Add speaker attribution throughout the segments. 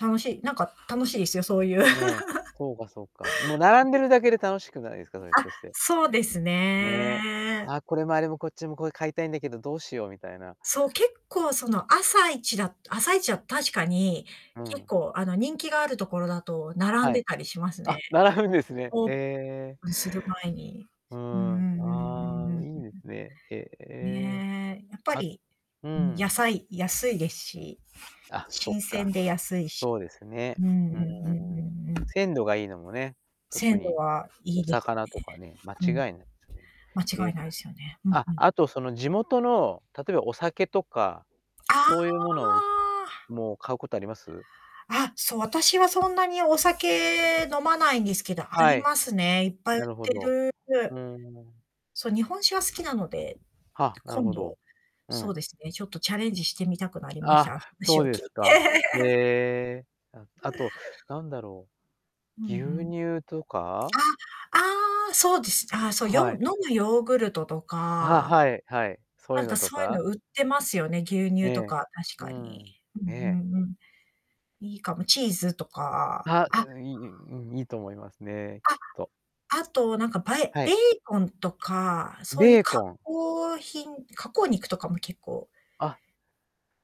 Speaker 1: 楽しい、なんか楽しいですよ、そういう。
Speaker 2: ね、そうかそうか。もう並んでるだけで楽しくないですか？
Speaker 1: あ、
Speaker 2: それ、ひょっとして。
Speaker 1: そうです
Speaker 2: ね、
Speaker 1: ね。
Speaker 2: あ、これもあれも、こっちも、これ買いたいんだけど、どうしようみたいな。
Speaker 1: そう、結構その朝一だ朝一は確かに、
Speaker 2: う
Speaker 1: 結
Speaker 2: ん。
Speaker 1: 構、あの人気があるところだと並ん
Speaker 2: はい。
Speaker 1: でたりします
Speaker 2: あ、
Speaker 1: ね。
Speaker 2: 並ぶんですね。
Speaker 1: オー
Speaker 2: へえ。
Speaker 1: プンする前に。
Speaker 2: う
Speaker 1: うう
Speaker 2: ん、
Speaker 1: んうんうん
Speaker 2: あ
Speaker 1: う
Speaker 2: あ、
Speaker 1: ん
Speaker 2: い
Speaker 1: う
Speaker 2: いですね。へ
Speaker 1: ん。
Speaker 2: え、
Speaker 1: ねえ、やっぱ
Speaker 2: あ
Speaker 1: り、
Speaker 2: う
Speaker 1: うん野
Speaker 2: ん。
Speaker 1: 菜、安いですし、
Speaker 2: あ、そっ
Speaker 1: 新
Speaker 2: か。
Speaker 1: 鮮で安いし。
Speaker 2: そうです
Speaker 1: う
Speaker 2: ね。
Speaker 1: んうん
Speaker 2: うーん。
Speaker 1: うんうんうん。
Speaker 2: 鮮度がいいのもね、特
Speaker 1: 鮮度
Speaker 2: に
Speaker 1: はい
Speaker 2: お
Speaker 1: いです
Speaker 2: 魚
Speaker 1: ね。
Speaker 2: とかね、間
Speaker 1: う
Speaker 2: 違い
Speaker 1: ん。
Speaker 2: ないですね。
Speaker 1: 間違
Speaker 2: え、
Speaker 1: いないですよね。うん、
Speaker 2: あ、
Speaker 1: うん。
Speaker 2: あとその地元の例えばお酒とか、
Speaker 1: ああ、あ
Speaker 2: そういうものを
Speaker 1: あ。
Speaker 2: もう買うことあります？
Speaker 1: あ、そう、私はそんなにお酒飲まないんですけど、あ
Speaker 2: は
Speaker 1: り
Speaker 2: い。
Speaker 1: ますね。いっぱい売っ
Speaker 2: なるほ
Speaker 1: て
Speaker 2: ど。
Speaker 1: る、
Speaker 2: う
Speaker 1: う、
Speaker 2: ーん。
Speaker 1: そう、日本酒は好きなので、
Speaker 2: はあ、なる
Speaker 1: 今
Speaker 2: ほ
Speaker 1: 度、
Speaker 2: ど。う
Speaker 1: そう
Speaker 2: ん。
Speaker 1: ですね、ちょっとチャレンジしてみたくなりまし
Speaker 2: あ、
Speaker 1: た、あ、
Speaker 2: そ
Speaker 1: 話
Speaker 2: う
Speaker 1: を
Speaker 2: で
Speaker 1: 聞
Speaker 2: す
Speaker 1: い
Speaker 2: か。へ
Speaker 1: て。
Speaker 2: え、ああとなんだろ
Speaker 1: うんう
Speaker 2: う、牛
Speaker 1: ん。
Speaker 2: 乳とか？
Speaker 1: あ、ああ、そうです。あ、そう、よむ
Speaker 2: はい。
Speaker 1: 飲むヨーグルトと
Speaker 2: あ、は
Speaker 1: か。
Speaker 2: はい、はい、そうい
Speaker 1: な
Speaker 2: う
Speaker 1: んか
Speaker 2: のと
Speaker 1: そういう
Speaker 2: か？
Speaker 1: の売ってますよね。牛
Speaker 2: え
Speaker 1: 乳と
Speaker 2: え、
Speaker 1: か、確
Speaker 2: う
Speaker 1: かに。
Speaker 2: ん、え
Speaker 1: うん
Speaker 2: え。
Speaker 1: うんうん。いいかも、チーズとか、
Speaker 2: あ、
Speaker 1: あ
Speaker 2: ううん、いい、ゆうん、いいと思いますね、きっ
Speaker 1: あ、
Speaker 2: と。
Speaker 1: あと、なんか、ぱえ
Speaker 2: はい。
Speaker 1: ベーコンとか、そういう
Speaker 2: ベー
Speaker 1: 加
Speaker 2: コン。
Speaker 1: 工品、加工肉とかも結構
Speaker 2: あ。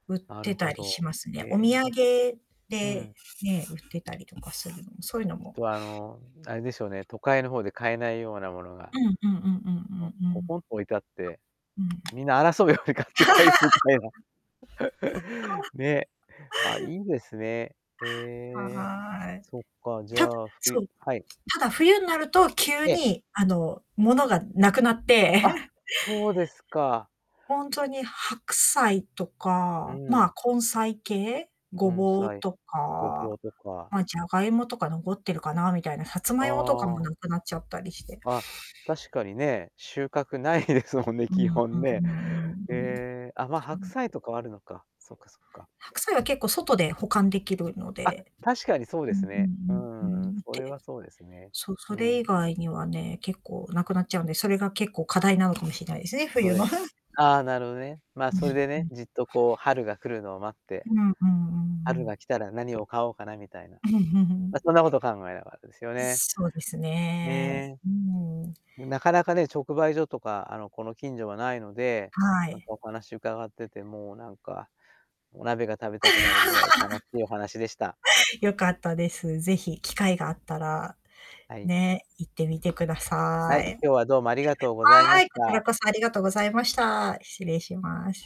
Speaker 1: 売っ
Speaker 2: なる
Speaker 1: て
Speaker 2: ほ
Speaker 1: たりし
Speaker 2: ど。
Speaker 1: ますね。お
Speaker 2: え、
Speaker 1: 土
Speaker 2: な
Speaker 1: 産
Speaker 2: んう
Speaker 1: で、
Speaker 2: ん。
Speaker 1: ね、売ってたりとかするのも、そういうのも。
Speaker 2: はあの、あれでしょうね、都会の方で買えないようなものが。
Speaker 1: うんうんうんうん
Speaker 2: の
Speaker 1: うんう
Speaker 2: ポ
Speaker 1: ん。
Speaker 2: ポンと置いてあって、
Speaker 1: うん。
Speaker 2: みんな争うように買って帰るみたいな。ね、あ、いいですね。へえ、
Speaker 1: はーい。
Speaker 2: そっか、じゃ
Speaker 1: た
Speaker 2: あ、ふゆ
Speaker 1: そう、
Speaker 2: はい。
Speaker 1: ただ冬になると急
Speaker 2: ええ。
Speaker 1: にあの物が無くなって。
Speaker 2: あ、そうですか。
Speaker 1: ほんとに白菜と
Speaker 2: う
Speaker 1: か、ま、
Speaker 2: ん。
Speaker 1: 根菜系、ご
Speaker 2: 根
Speaker 1: ぼう
Speaker 2: 菜、
Speaker 1: と
Speaker 2: ごぼ
Speaker 1: か、
Speaker 2: うとか。
Speaker 1: ま、じゃがいもとか残ってるかなみたいな、さつまいもとかも
Speaker 2: ああ。
Speaker 1: なくなっちゃったりして。
Speaker 2: あ、確かにね、収穫ないですもんね、
Speaker 1: う
Speaker 2: 基
Speaker 1: ん、
Speaker 2: 本ね。え え、あ、ま、
Speaker 1: そう。
Speaker 2: 白菜とかはあるのか。そっかそっか。
Speaker 1: 白菜は結構外で保管できるの
Speaker 2: あ、
Speaker 1: で、
Speaker 2: 確かにそうで
Speaker 1: うん
Speaker 2: すね。う
Speaker 1: うん
Speaker 2: ん
Speaker 1: う
Speaker 2: う
Speaker 1: ん、
Speaker 2: んうん、
Speaker 1: うーん。
Speaker 2: それ
Speaker 1: で、
Speaker 2: はそうですね。
Speaker 1: そう、
Speaker 2: う
Speaker 1: それ以
Speaker 2: ん。
Speaker 1: 外にはね、結構無くなっちゃうんで、それが結構課題なのかもしれないですね、
Speaker 2: そう
Speaker 1: 冬
Speaker 2: で
Speaker 1: の。
Speaker 2: す、ああ、なるほどね。まあ、
Speaker 1: うん。
Speaker 2: それで
Speaker 1: う
Speaker 2: ね、
Speaker 1: ん。
Speaker 2: じっとこう春が来るのを待って
Speaker 1: うん。うんうんう
Speaker 2: 春
Speaker 1: ん。
Speaker 2: が来たら何を買おうかなみたいな。ま、そ んなことを考えながらですよね。
Speaker 1: すそうですね、
Speaker 2: ね、
Speaker 1: うーん。
Speaker 2: なかなかね、直売所とか、あの、この近所はないので、
Speaker 1: は
Speaker 2: なんか
Speaker 1: い。
Speaker 2: お話を伺っててもなんか、お鍋が食べたくなるぐらい楽しいお話でした。
Speaker 1: 良かったです。是非機会があったら、
Speaker 2: はい。
Speaker 1: ね、行ってみてくださ
Speaker 2: はい、
Speaker 1: い。
Speaker 2: 今日はどうもありがとうござい
Speaker 1: は
Speaker 2: ま
Speaker 1: ー
Speaker 2: し
Speaker 1: い、こちら
Speaker 2: た。
Speaker 1: こそありがとうございました。失礼します。